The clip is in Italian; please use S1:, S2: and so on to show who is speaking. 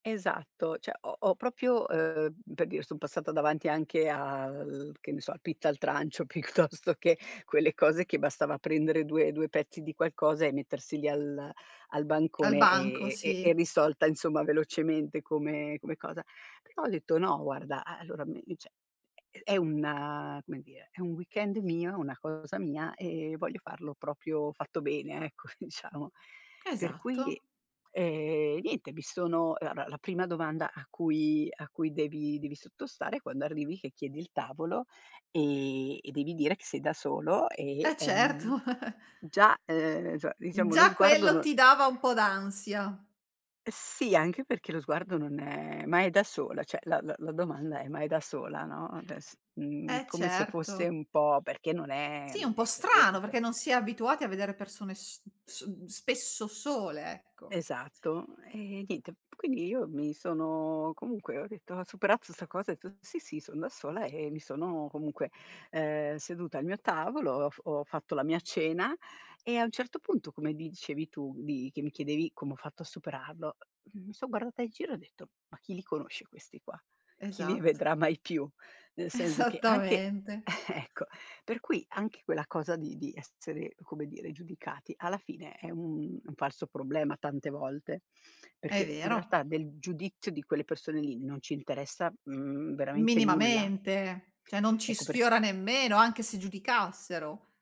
S1: Esatto, cioè ho ho proprio ehm, per dire, son passata davanti anche al che ne so, al pizza al trancio piuttosto che quelle cose che bastava prendere due due pezzi di qualcosa e mettersi lì al al
S2: Al
S1: bancone
S2: banco,
S1: e e e
S2: sì.
S1: risolta insomma velocemente come come cosa. Però ho detto: "No guarda a allora, me mi cioè, è è una come dire, è un weekend mio, una cosa mia e voglio farlo proprio fatto bene ecco, diciamo." Per
S2: Esatto.
S1: cui, ehm, niente, mi sono ehm, allora la prima domanda a cui a cui devi devi sottostare quando arrivi che chiedi il tavolo e e devi dire che sei da solo e,
S2: E certo
S1: ehm, già, ehm, insomma diciamo lo
S2: Già
S1: sguardo
S2: quello
S1: non
S2: ti dava un po' d'ansia.
S1: E sì, anche perché lo sguardo non è "Ma è da sola?" cioè, la la la domanda è "Ma è da sola?" no, ades uhm,
S2: E
S1: come se fosse
S2: certo.
S1: un po' perché non è
S2: Sì, un
S1: non
S2: po'
S1: è
S2: strano
S1: frequente.
S2: perché non si è abituati a vedere persone s s mhmm, spesso sole, ecco.
S1: Esatto. E niente, p quindi io mi sono comunque ho detto ho superato sta cosa e ho detto: "Sì, sì, son da sola", e mi sono comunque, ehm, seduta al mio tavolo, ho f ho fatto la mia cena e a un certo punto come dicevi tu di che mi chiedevi come ho fatto a superarlo, mi son guardata in giro e ho detto: "Ma chi li conosce questi qua. Chi li
S2: Esatt
S1: vedrà mai più." Nel senso che anche
S2: Esattamente.
S1: ecco. per cui anche quella cosa di di essere come dire giudicati alla fine è un un falso problema tante volte,
S2: È
S1: perché in
S2: vero.
S1: realtà del giudizio di quelle persone lì non ci interessa, uhm, veramente nulla.
S2: Minimamente, cioè non ci
S1: Ecco per
S2: sfiora nemmeno anche se giudicassero.